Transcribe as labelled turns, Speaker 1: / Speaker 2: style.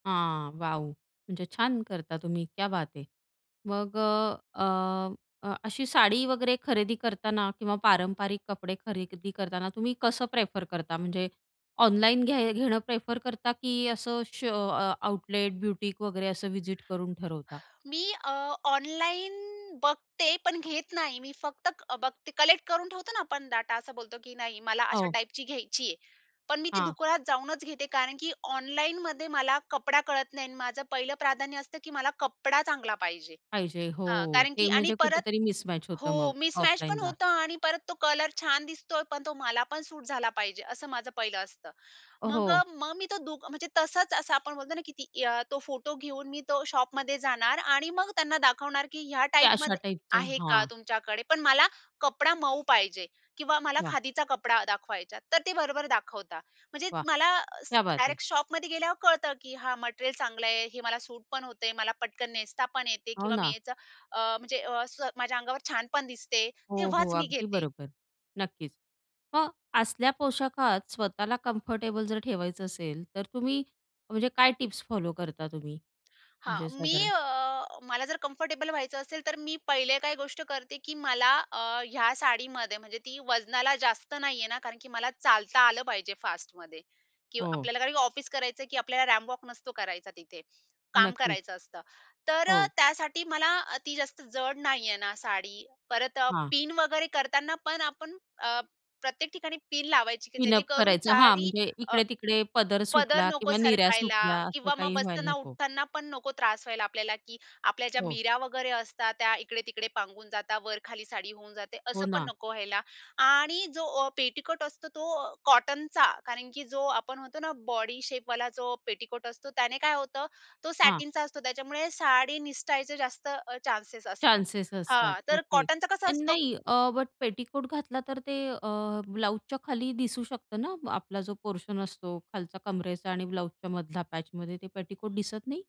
Speaker 1: हां वाव! म्हणजे छान करता तुम्ही. क्या बात है. मग अ, अ, अ, अशी साडी वगैरे खरेदी करताना किंवा पारंपरिक कपडे खरेदी करताना तुम्ही कसं प्रेफर करता म्हणजे ऑनलाईन घ्या घेणं प्रेफर करता की असं शो अ, आउटलेट, ब्युटीक वगैरे असं व्हिजिट करून ठरवता?
Speaker 2: मी अ, ऑनलाईन बघते पण घेत नाही. मी फक्त अ, बघते. कलेक्ट करून ठेवतो ना आपण डाटा असा बोलतो की नाही? मला अशा
Speaker 1: हो.
Speaker 2: टाइपची घ्यायची आहे. पण मी ती
Speaker 1: हां.
Speaker 2: दुकानात जाऊनच घेते. कारण की ऑनलाईनमध्ये मला कपडा कळत नाही आणि माझं पहिलं प्राधान्य असतं की मला कपडा चांगला पाहिजे.
Speaker 1: पाहिजे. हो.
Speaker 2: हां, कारण की
Speaker 1: ते
Speaker 2: आणि
Speaker 1: म्हणजे
Speaker 2: परत
Speaker 1: कुठेतरी मिसमॅच होतं
Speaker 2: हो,
Speaker 1: मग
Speaker 2: मिसमॅच पण
Speaker 1: ऑफलाईनला.
Speaker 2: होतं आणि परत तो कलर छान दिसतोय, पण तो मला पण सूट झाला पाहिजे, असं माझं पहिलं असतं. मग अ,
Speaker 1: हो.
Speaker 2: मग मी तो दु म्हणजे तसंच असं आपण म्हणतो ना की ती तो फोटो घेऊन मी तो शॉपमध्ये जाणार आणि मग त्यांना दाखवणार की, "ह्या
Speaker 1: ते अशा
Speaker 2: टाइपमध्ये
Speaker 1: टाईपचं.
Speaker 2: आहे का
Speaker 1: हां.
Speaker 2: तुमच्याकडे? पण मला कपडा मऊ पाहिजे किंवा मला
Speaker 1: वाह!
Speaker 2: खादीचा कपडा दाखवा ह्याच्यात." तर ते बरोबर दाखवतात. म्हणजे
Speaker 1: वाह!
Speaker 2: मला अ,
Speaker 1: क्या बात है.
Speaker 2: डायरेक्ट शॉपमध्ये गेल्यावर कळतं की हा मटेरियल चांगलं आहे, हे मला सूट पण होते, मला पटकन नेसता पण येते
Speaker 1: हो
Speaker 2: किंवा मी
Speaker 1: ना.
Speaker 2: याचं अ, म्हणजे अ, स, माझ्या अंगावर छान पण दिसते.
Speaker 1: हो, हो.
Speaker 2: तेव्हाच मी
Speaker 1: अगदी
Speaker 2: घेते.
Speaker 1: बरोबर. नक्कीच, "मग, असल्या पोशाखात स्वतःला कम्फर्टेबल जर ठेवायचं असेल, तर तुम्ही म्हणजे काय टिप्स फॉलो करता तुम्ही
Speaker 2: हां.
Speaker 1: म्हणजे
Speaker 2: मी
Speaker 1: साधारण?"
Speaker 2: अ, मला जर कम्फर्टेबल व्हायचं असेल, तर मी पहिले काही गोष्ट करते की मला अ, ह्या साडीमध्ये म्हणजे ती वजनाला जास्त नाहीये ना, कारण की मला चालता आलं पाहिजे फास्टमध्ये. की
Speaker 1: हो.
Speaker 2: आपल्याला काही ऑफिस करायचं आहे की आपल्याला रॅम्प वॉक नसतो करायचा तिथे. काम
Speaker 1: नक्कीच.
Speaker 2: करायचं असतं. तर अ,
Speaker 1: हो.
Speaker 2: त्यासाठी मला ती जास्त जड नाहीये ना साडी. परत अ,
Speaker 1: हां.
Speaker 2: पिन वगैरे करताना पण आपण अ, प्रत्येक ठिकाणी पिन लावायची की
Speaker 1: पिन अप
Speaker 2: जेणेकरून
Speaker 1: करायचं हां,
Speaker 2: साडी
Speaker 1: म्हणजे
Speaker 2: अ,
Speaker 1: इकडे-तिकडे पदर
Speaker 2: पदर
Speaker 1: सुटला
Speaker 2: नको
Speaker 1: किंवा निऱ्या
Speaker 2: सरकायला
Speaker 1: सुटल्या असं
Speaker 2: किंवा मग
Speaker 1: काही व्हायला
Speaker 2: बसताना,
Speaker 1: नको.
Speaker 2: उठताना पण नको त्रास व्हायला आपल्याला की आपल्या ज्या
Speaker 1: हो.
Speaker 2: नीऱ्या वगैरे असतात त्या इकडे-तिकडे पांगून जातात, वर खाली साडी होऊन जाते.
Speaker 1: हो
Speaker 2: असं पण
Speaker 1: ना.
Speaker 2: नको व्हायला. आणि जो ओ पेटीकोट असतो तो अ, कॉटनचा, कारण की जो आपण म्हणतो ना बॉडीशेपवाला जो पेटीकोट असतो त्याने काय होतं, तो
Speaker 1: हां.
Speaker 2: सॅटिनचा असतो त्याच्यामुळे साडी निसटायचे जास्त अ, चान्सेस असतात.
Speaker 1: चान्सेस असतात,
Speaker 2: हां, तर
Speaker 1: ओके
Speaker 2: कॉटनचा कसा
Speaker 1: आणि
Speaker 2: असतो?
Speaker 1: नाही अ, बट पेटीकोट घातला तर ते अ, ब्लाउजच्या खाली दिसू शकतं ना अ आपला जो पोर्शन असतो, खालच्या कमरेचा आणि ब्लाउजच्या मधला पॅचमध्ये ते पेटीकोट दिसत नाही?